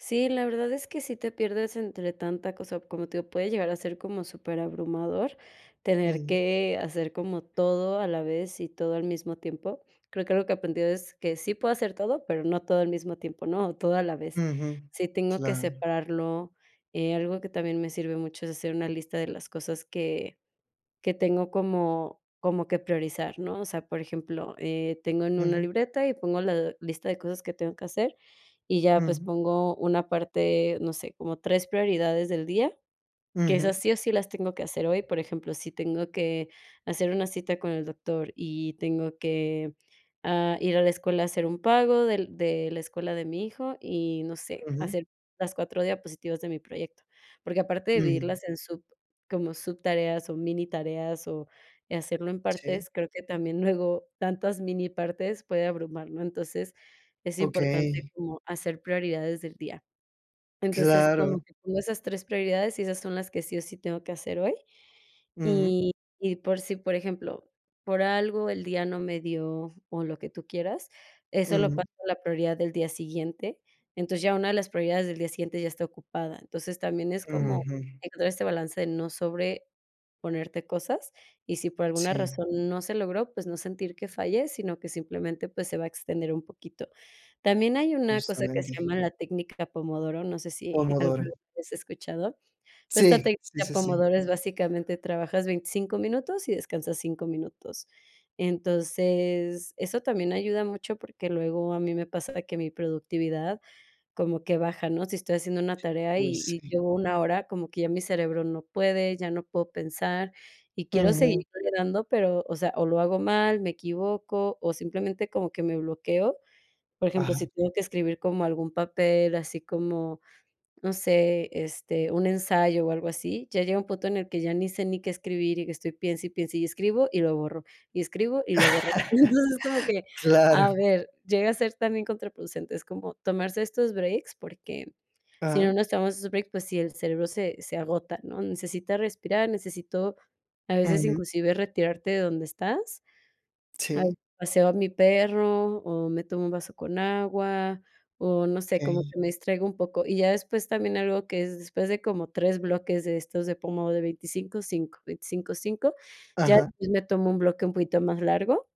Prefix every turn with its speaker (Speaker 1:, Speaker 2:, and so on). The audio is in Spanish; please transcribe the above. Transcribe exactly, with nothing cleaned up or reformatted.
Speaker 1: Sí, la verdad es que sí te pierdes entre tanta cosa, como te digo, puede llegar a ser como superabrumador tener
Speaker 2: Ujú.
Speaker 1: que hacer como todo a la vez y todo al mismo tiempo. Creo que algo que aprendí es que sí puedo hacer todo, pero no todo al mismo tiempo, no todo a la vez.
Speaker 2: Ujú.
Speaker 1: Sí tengo que
Speaker 2: Claro.
Speaker 1: separarlo. Eh, algo que también me sirve mucho es hacer una lista de las cosas que que tengo como como que priorizar, ¿no? O sea, por ejemplo, eh, tengo en una
Speaker 2: Ujú.
Speaker 1: libreta y pongo la lista de cosas que tengo que hacer, y ya, pues,
Speaker 2: Ujú.
Speaker 1: pongo una parte, no sé, como tres prioridades del día, que
Speaker 2: Ujú.
Speaker 1: esas, sí, o sí, las tengo que hacer hoy. Por ejemplo, si tengo que hacer una cita con el doctor y tengo que, ah, ir a la escuela a hacer un pago del de la escuela de mi hijo y, no sé,
Speaker 2: Ujú.
Speaker 1: hacer las cuatro diapositivas de mi proyecto. Porque, aparte de
Speaker 2: Ujú.
Speaker 1: dividirlas en sub como subtareas o minitareas, o hacerlo en
Speaker 2: Sí.
Speaker 1: partes, creo que también luego tantas minipartes puede abrumar, ¿no? Entonces, es importante
Speaker 2: Okey.
Speaker 1: como hacer prioridades del día. Entonces, como
Speaker 2: Claro.
Speaker 1: que tengo esas tres prioridades, y esas son las que sí o sí tengo que hacer hoy.
Speaker 2: Ujú.
Speaker 1: Y y por sí, por ejemplo, por algo el día no me dio, o lo que tú quieras, eso lo
Speaker 2: Ujú.
Speaker 1: paso a la prioridad del día siguiente, entonces ya una de las prioridades del día siguiente ya está ocupada. Entonces también es como
Speaker 2: Ujú.
Speaker 1: encontrar este balance de no sobreponerte cosas, y si por alguna
Speaker 2: Sí.
Speaker 1: razón no se logró, pues, no sentir que falles, sino que simplemente, pues, se va a extender un poquito. También hay una cosa que se
Speaker 2: Justamente.
Speaker 1: llama la técnica Pomodoro, no sé si alguna
Speaker 2: Pomodoro.
Speaker 1: vez lo has escuchado, pero esta
Speaker 2: Sí. Sí,
Speaker 1: técnica
Speaker 2: sí, sí.
Speaker 1: Pomodoro es, básicamente, trabajas veinticinco minutos y descansas cinco minutos. Entonces, eso también ayuda mucho porque luego a mí me pasa que mi productividad como que baja, ¿no? Si estoy haciendo una tarea
Speaker 2: Uy,
Speaker 1: y y
Speaker 2: sí.
Speaker 1: llevo una hora, como que ya mi cerebro no puede, ya no puedo pensar y quiero seguirle
Speaker 2: Ujú.
Speaker 1: dando, pero, o sea, o lo hago mal, me equivoco, o simplemente como que me bloqueo. Por ejemplo, si
Speaker 2: Ajá.
Speaker 1: tengo que escribir como algún papel, así como, no sé, este, un ensayo o algo así, ya llega un punto en el que ya ni sé ni qué escribir, y estoy piense, y piense, y escribo, y lo borro, y escribo, y lo borro. Entonces, como que,
Speaker 2: Claro.
Speaker 1: a ver, llega a ser también contraproducente, es como tomarse estos breaks, porque si no
Speaker 2: Ajá.
Speaker 1: nos tomamos esos breaks, pues sí, el cerebro se se agota, ¿no? Necesita respirar, necesito a veces
Speaker 2: Ujú.
Speaker 1: inclusive retirarte de donde estás. Ay,
Speaker 2: Sí.
Speaker 1: paseo a mi perro o me tomo un vaso con agua, o no sé, como
Speaker 2: Okey.
Speaker 1: que me distraigo un poco. Y ya después también algo que es después de como tres bloques de estos de pomo de veinticinco, cinco, veinticinco, cinco ya
Speaker 2: Ajá.
Speaker 1: me tomo un bloque un poquito más largo.